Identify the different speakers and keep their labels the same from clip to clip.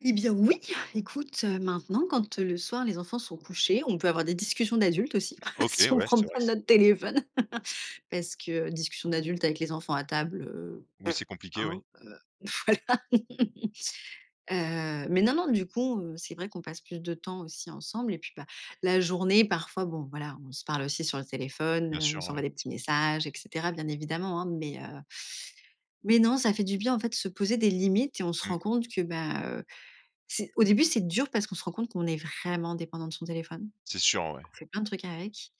Speaker 1: Et bien oui, écoute, heu, maintenant quand, heu, le soir les enfants sont couchés, on peut avoir des discussions d'adultes aussi,
Speaker 2: OK
Speaker 1: si on
Speaker 2: ouais,
Speaker 1: prend
Speaker 2: c'est
Speaker 1: pas
Speaker 2: vrai c
Speaker 1: notre téléphone. Parce que, discussions d'adultes avec les enfants à table, heu,
Speaker 2: Oui c'est compliqué oui.
Speaker 1: hein, heu, voilà. Heu, mais non, non, du coup, heu, c'est vrai qu'on passe plus de temps aussi ensemble et puis ben, la journée parfois bon, voilà, on se parle aussi sur le téléphone,
Speaker 2: Bien
Speaker 1: heu,
Speaker 2: sûr
Speaker 1: on
Speaker 2: ouais.
Speaker 1: s'envoie des petits messages et cetera bien évidemment, hein, mais, heu, mais non ça fait du bien en fait de se poser des limites et on se rend
Speaker 2: Mmh.
Speaker 1: compte que ben, heu, c'est au début c'est dur parce qu'on se rend compte qu'on est vraiment dépendant de son téléphone.
Speaker 2: C'est sûr ouais.
Speaker 1: On fait plein de trucs avec,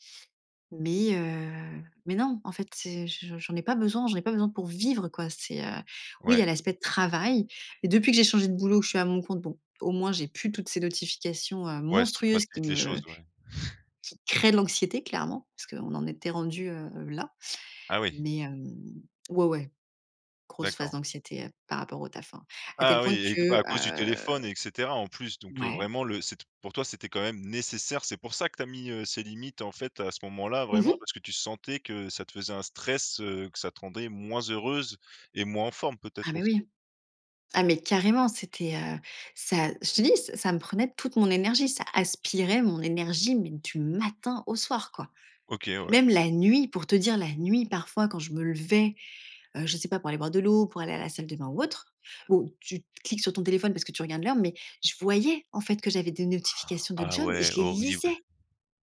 Speaker 1: mais, heu, mais non, en fait c'est je j'en ai pas besoin, j'en ai pas besoin pour vivre quoi c'est, heu, oui il y
Speaker 2: Ouais.
Speaker 1: a l'aspect travail, mais depuis que j'ai changé de boulot je suis à mon compte bon, au moins j'ai plus toutes ces notifications, heu,
Speaker 2: Ouais ça
Speaker 1: monstrueuses qui
Speaker 2: facilite les
Speaker 1: me
Speaker 2: choses ouais.
Speaker 1: qui créent de l'anxiété clairement, parce qu'on en était rendu, heu, là,
Speaker 2: Ah oui.
Speaker 1: mais, hem, ouais, ouais, grosse phase
Speaker 2: D'accord.
Speaker 1: d'anxiété, heu, par rapport au taf, hein. À tel
Speaker 2: Ah
Speaker 1: point
Speaker 2: oui et g bah,
Speaker 1: que,
Speaker 2: à cause du
Speaker 1: heu
Speaker 2: téléphone et cetera en plus donc, heu,
Speaker 1: ouais.
Speaker 2: vraiment le c'ét pour toi c'était quand même nécessaire, c'est pour ça que tu as mis, heu, ces limites en fait à ce moment-là
Speaker 1: Mmh
Speaker 2: vraiment?
Speaker 1: mh.
Speaker 2: Parce que tu sentais que, ça te faisait un stress, heu, que ça te rendait moins heureuse et moins en forme
Speaker 1: Ah
Speaker 2: peut-être
Speaker 1: mais
Speaker 2: aussi?
Speaker 1: oui. Ah mais carrément c'était, heu, ça je te dis, c ça me prenait toute mon énergie. Ça, aspirait mon énergie mais du matin, au soir quoi.
Speaker 2: OK ouais.
Speaker 1: Même la nuit, pour te dire la nuit parfois quand je me levais, heu, je sais pas pour aller boire de l'eau, pour aller à la salle de bain ou autre, où, tu cliques sur ton téléphone parce que tu regardes l'heure mais je voyais, en fait que j'avais des notifications de
Speaker 2: Ah
Speaker 1: jobs et
Speaker 2: ouais,
Speaker 1: je les
Speaker 2: horrible.
Speaker 1: lisais!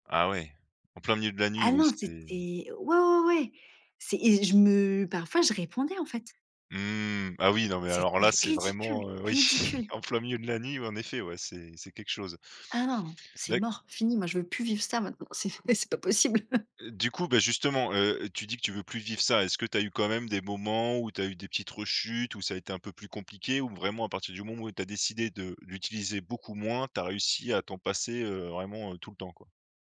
Speaker 2: Ah ouais, en plein milieu de la nuit
Speaker 1: Ah
Speaker 2: oui
Speaker 1: non c'était
Speaker 2: c'est
Speaker 1: ouais, ouais, ouais, c'est et je me parfois je répondais en fait.
Speaker 2: Mmh, ah oui non mais
Speaker 1: C'était
Speaker 2: alors là c'est
Speaker 1: ridicule,
Speaker 2: vraiment, heu, oui,
Speaker 1: ridicule!
Speaker 2: en plein milieu de la nuit, ouais en effet, ouais, c'est c'est quelque chose.
Speaker 1: Ah non, c'est
Speaker 2: Bah éc
Speaker 1: mort, fini moi je veux plus vivre ça maintenant. C'est mais c'est pas possible.
Speaker 2: Heu, du coup, bah, justement, heu, tu dis que tu veux plus vivre ça. Est-ce que tu as eu quand même des moments où tu as eu des petites rechutes où ça a été un peu plus compliqué? Ou vraiment à partir du moment où tu as décidé de l'utiliser beaucoup moins, tu as réussi à t'en passer, heu, vraiment, heu, tout le temps quoi?